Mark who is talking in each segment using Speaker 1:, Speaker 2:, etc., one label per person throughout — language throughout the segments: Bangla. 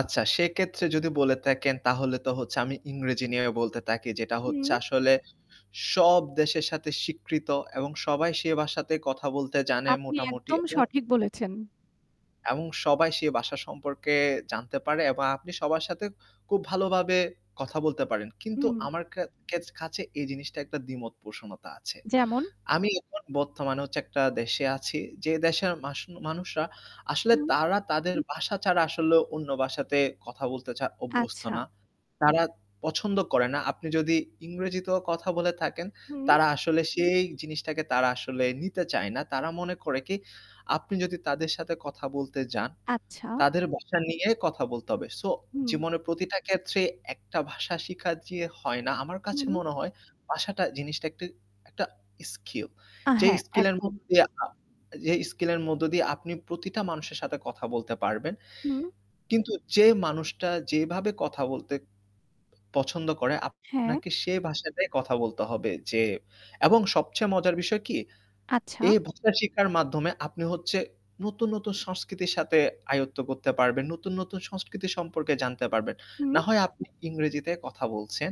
Speaker 1: আচ্ছা সেক্ষেত্রে যদি বলে থাকেন তাহলে তো হচ্ছে আমি ইংরেজি নিয়ে বলতে থাকি। যেটা হচ্ছে
Speaker 2: হুম।
Speaker 1: আসলে সব দেশের সাথে স্বীকৃত এবং সবাই সে ভাষাতে কথা বলতে জানে
Speaker 2: আপনি
Speaker 1: মোটামুটি
Speaker 2: একদম
Speaker 1: এবং
Speaker 2: সঠিক বলেছেন।
Speaker 1: এবং সবাই সে ভাষা সম্পর্কে জানতে পারে এবং আপনি সবার সাথে খুব ভালোভাবে কথা বলতে পারেন। কিন্তু
Speaker 2: হুম।
Speaker 1: আমার খে খেত কাছে এই জিনিসটা একটা দ্বিমত পোষণতা আছে।
Speaker 2: যেমন?
Speaker 1: আমি এখন বর্তমানে হচ্ছে একটা দেশে আছি। যে দেশের মাসু মানুষরা আসলে
Speaker 2: হুম।
Speaker 1: তারা তাদের ভাষা ছাড়া আসলে অন্য ভাষা তে কথা বলতে অভ্যস্ত না।
Speaker 2: আচ্ছা।
Speaker 1: তারা পছন্দ করে না। আপনি যদি ইংরেজিতেও কথা বলে থাকেন
Speaker 2: হুম।
Speaker 1: তারা আসলে সেই জিনিসটাকে তারা আসলে নিতে চায় না। তারা মনে করে কি, আপনি যদি তাদের সাথে কথা বলতে যান,
Speaker 2: আচ্ছা।
Speaker 1: তাদের ভাষা নিয়ে কথা বলতে হবে। সো
Speaker 2: হুম।
Speaker 1: জীবনের প্রতিটা ক্ষেত্রে একটা ভাষা শিখা যে হয় না। আমার কাছে
Speaker 2: হুম।
Speaker 1: মনে হয় ভাষা টা জিনিসটা একটা একটা স্কিল। যে
Speaker 2: হ্যাঁ,
Speaker 1: স্কিল এর
Speaker 2: একদম।
Speaker 1: মধ্যে দিয়ে যে স্কিল এর মধ্য দিয়ে আপনি প্রতিটা মানুষের সাথে কথা বলতে পারবেন।
Speaker 2: হুম।
Speaker 1: কিন্তু যে মানুষটা যেভাবে কথা বলতে পছন্দ করে
Speaker 2: হ্যাঁ।
Speaker 1: আপনাকে সেই ভাষাটাই কথা বলতে হবে যে এবং সবচেয়ে মজার বিষয় কি?
Speaker 2: আচ্ছা।
Speaker 1: এই ভাষা শিক্ষার মাধ্যমে আপনি হচ্ছে নতুন, নতুন সংস্কৃতির সাথে আয়ত্ত করতে পারবেন। নতুন, নতুন সংস্কৃতি সম্পর্কে জানতে পারবেন।
Speaker 2: হুম।
Speaker 1: না হয় আপনি ইংরেজিতে কথা বলছেন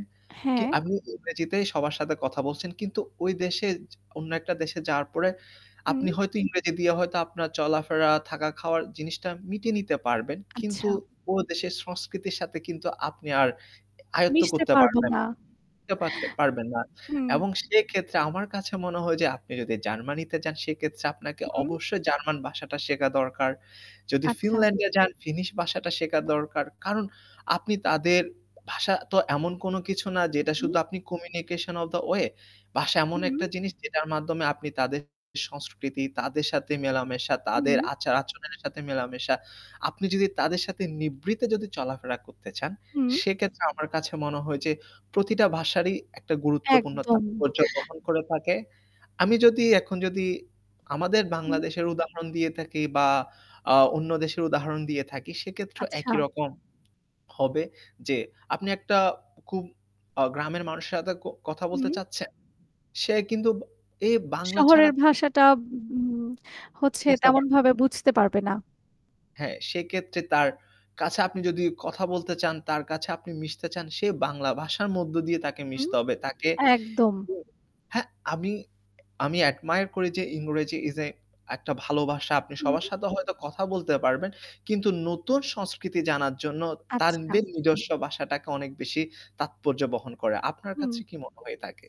Speaker 1: কি
Speaker 2: হ্যাঁ।
Speaker 1: আপনি ইংরেজিতেই সবার সাথে কথা বলছেন। কিন্তু ওই দেশে অন্য একটা দেশে যাওয়ার পরে
Speaker 2: হুম।
Speaker 1: আপনি হয়তো ইংরেজি দিয়ে হয়তো আপনার চলাফেরা থাকা খাওয়ার জিনিসটা মিটিয়ে নিতে পারবেন।
Speaker 2: আচ্ছা।
Speaker 1: কিন্তু ও দেশের সংস্কৃতির সাথে কিন্তু আপনি আর আয়ত্ত
Speaker 2: মিশতে
Speaker 1: করতে
Speaker 2: পারব
Speaker 1: পারবেন
Speaker 2: না।
Speaker 1: আয়ত্ত পারবেন না।
Speaker 2: হুম।
Speaker 1: এবং সেক্ষেত্রে আমার কাছে মনে হয় যে আপনি যদি জার্মানিতে যান সেক্ষেত্রে আপনাকে
Speaker 2: হুম।
Speaker 1: অবশ্যই জার্মান ভাষা টা শেখা দরকার। যদি
Speaker 2: আচ্ছা।
Speaker 1: ফিনল্যান্ড এ যান ফিনিশ ভাষা টা শেখা দরকার। কারণ আপনি তাদের ভাষা তো এমন কোনো কিছু না যেটা
Speaker 2: হুম।
Speaker 1: শুধু আপনি Communication of the way ভাষা এমন
Speaker 2: হুম।
Speaker 1: একটা জিনিস যেটার মাধ্যমে আপনি তাদের সংস্কৃতি, তাদের সাথে মেলামেশা, তাদের
Speaker 2: হুম।
Speaker 1: আচার-আচরণের সাথে মেলামেশা, আপনি যদি তাদের সাথে নিভৃতে যদি চলাফেরা করতে চান,
Speaker 2: হুম।
Speaker 1: সেক্ষেত্রে আমার কাছে মনে হয় যে প্রতিটা ভাষারই একটা গুরুত্বপূর্ণ
Speaker 2: একদম।
Speaker 1: তাৎপর্য গ্রহণ করে থাকে। আমি যদি এখন যদি আমাদের
Speaker 2: হুম।
Speaker 1: বাংলাদেশের উদাহরণ দিয়ে থাকি বা আ অন্য দেশের উদাহরণ দিয়ে থাকি সেক্ষেত্রে একই
Speaker 2: আচ্ছা।
Speaker 1: রকম হবে যে আপনি একটা খুব গ্রামের মানুষের সাথে ক কথা বলতে
Speaker 2: হুম।
Speaker 1: চাচ্ছেন। সে কিন্তু এ বাংলা ছাড়া
Speaker 2: শহরের ভাষাটা উম হচ্ছে
Speaker 1: বুঝতে পারবে না।
Speaker 2: তেমনভাবে বুঝতে পারবে না।
Speaker 1: হ্যাঁ, সেক্ষেত্রে তার, কাছে আপনি যদি কথা বলতে চান তার কাছে আপনি মিশতে চান সে বাংলা ভাষার মধ্য দিয়ে তাকে
Speaker 2: হুম।
Speaker 1: মিশতে হবে। তাকে
Speaker 2: একদম।
Speaker 1: [unintelligible] হ্যাঁ, আমি আমি অ্যাডমায়ার করি যে ইংরেজি ইস আ একটা ভালো ভাষা। আপনি
Speaker 2: হুম।
Speaker 1: সবার সাথে হয়তো কথা বলতে পারবেন। কিন্তু নতুন সংস্কৃতি জানার জন্য
Speaker 2: আচ্ছা।
Speaker 1: তাদের নিজস্ব ভাষাটাকে অনেক বেশি তাৎপর্য বহন করে। আপনার কাছে
Speaker 2: হুম।
Speaker 1: কি মনে হয়ে থাকে?